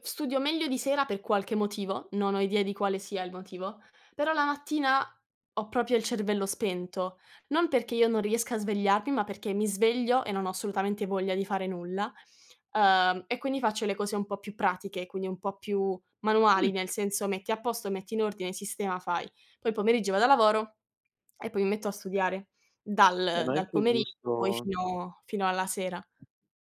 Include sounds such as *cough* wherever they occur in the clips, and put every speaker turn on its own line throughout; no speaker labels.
Studio meglio di sera per qualche motivo, non ho idea di quale sia il motivo, però la mattina ho proprio il cervello spento, non perché io non riesca a svegliarmi, ma perché mi sveglio e non ho assolutamente voglia di fare nulla, uhm, e quindi faccio le cose un po' più pratiche, quindi un po' più manuali,
Mh.
nel senso: metti a posto, metti in ordine, sistema, fai. Poi il pomeriggio vado al lavoro e poi mi metto a studiare
Eh
dal
ma è
dal
anche
pomeriggio poi
giusto
fino fino alla sera.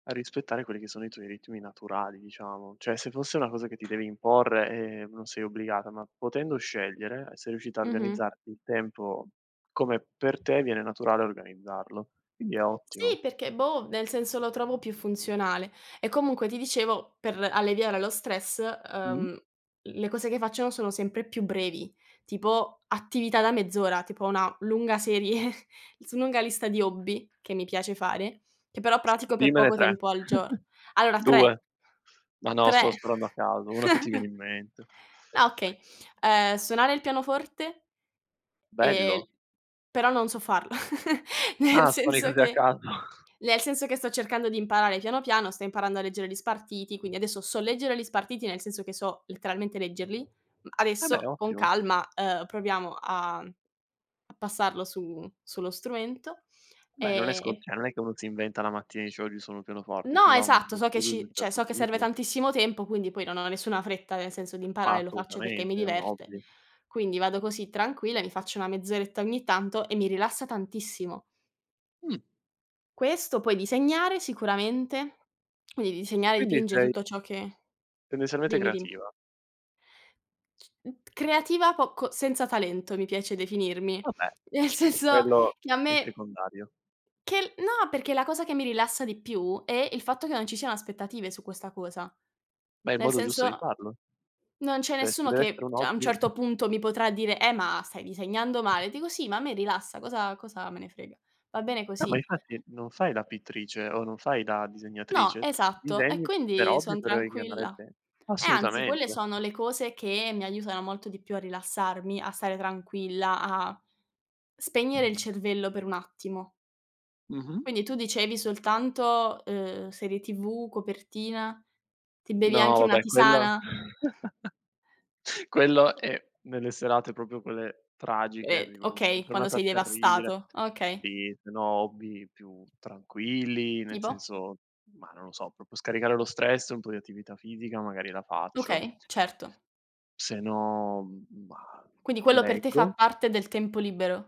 rispettare quelli che sono i tuoi ritmi naturali diciamo, cioè se fosse una cosa che ti devi imporre, ehm, non sei obbligata, ma potendo scegliere sei riuscita a
Mh-mh.
organizzarti il tempo come per te viene naturale organizzarlo, quindi è ottimo.
Sì, perché boh, nel senso lo trovo più funzionale e comunque ti dicevo per l alleviare lo stress,
Mh.
ehm, le cose che faccio, no, sono sempre più brevi, tipo attività da mezz'ora, tipo una lunga serie, *chuckles* su lunga lista di hobby che mi piace fare, che però pratico per
Dimmene
poco
3,
tempo al gior
*chuckles*
allora, 3.
2. Ma no,
3.
sto sparando a caso, uno che ti viene
*chuckles*
in mente.
Ah okay, ehm, suonare il pianoforte ehm,
Bello.
però non so farlo, *chuckles* nel
Ah. Solì
senso
così a
che
caso. *chuckles*
nel senso che sto cercando di imparare piano, piano, sto imparando a leggere gli spartiti, quindi adesso so leggere li spartiti nel senso che so letteralmente leggerli. Mhmm,
Ah. Beh,
adesso con
ottimo.
calma, ehm, proviamo, uhm, a passarlo su sullo strumento
Beh non è
ehm,
scon
e
cioè non è che uno si inventa la mattina e dice: "Oggi suono il pianoforte," ci
No,
va
esatto,
uno
so che
studio di un
ci cioè,
certo
so che serve
tipo.
tantissimo tempo, quindi poi non ho nessuna fretta nel senso di
Ma
imparare, lo faccio perché mi
assolutamente, è un
diverte.
hobby.
Quindi vado così tranquilla, mi faccio una mezz'oretta ogni tanto e mi rilassa tantissimo.
Mh.
Questo poi disegnare sicuramente, quindi disegnare
Quindi
dipinge
sei
tutto ciò che
tendenzialmente
dimmi dimmi.
creativa.
Creativa poco, senza talento mi piace definirmi,
Vabbè,
nel senso
quello
che a
è
me
secondario.
che l no, perché la cosa che mi rilassa di più è il fatto che non ci siano aspettative su questa cosa,
Ma è il
nel
modo giusto di
senso
farlo.
non c'è
Cioè se
nessuno
dev'essere
che
un
cioè a un
hobby.
certo punto mi potrà dire: "Eh ma stai disegnando male!" Dico: "Sì, ma a me rilassa, cosa cosa me ne frega?" Va bene
Ah ma
così.
infatti non fai la pittrice o non fai la
No,
disegnatrice.
esatto, e
Disegni per
quindi
hobby
son
per ingannare il
tranquilla.
te
E anzi, quelle
assolutamente.
sono le cose che mi aiutano molto di più a rilassarmi, a stare tranquilla, a spegnere il cervello per un attimo.
Mh-mh.
Quindi tu dicevi soltanto, ehm, serie TV, copertina, ti bevi
No
anche una
vabbè quello
tisana?
*chuckles* quello è nelle serate proprio quelle tragiche,
Ed
di una
okay, quando
giornata
sei
terribile
devastato, okay.
sì se no hobby più tranquilli, nel
Tipo?
senso ma non lo so, proprio scaricare lo stress, un po' di attività fisica magari la faccio.
Okay, certo.
Se no, mah,
Quindi quello per te fa
leggo.
parte del tempo libero?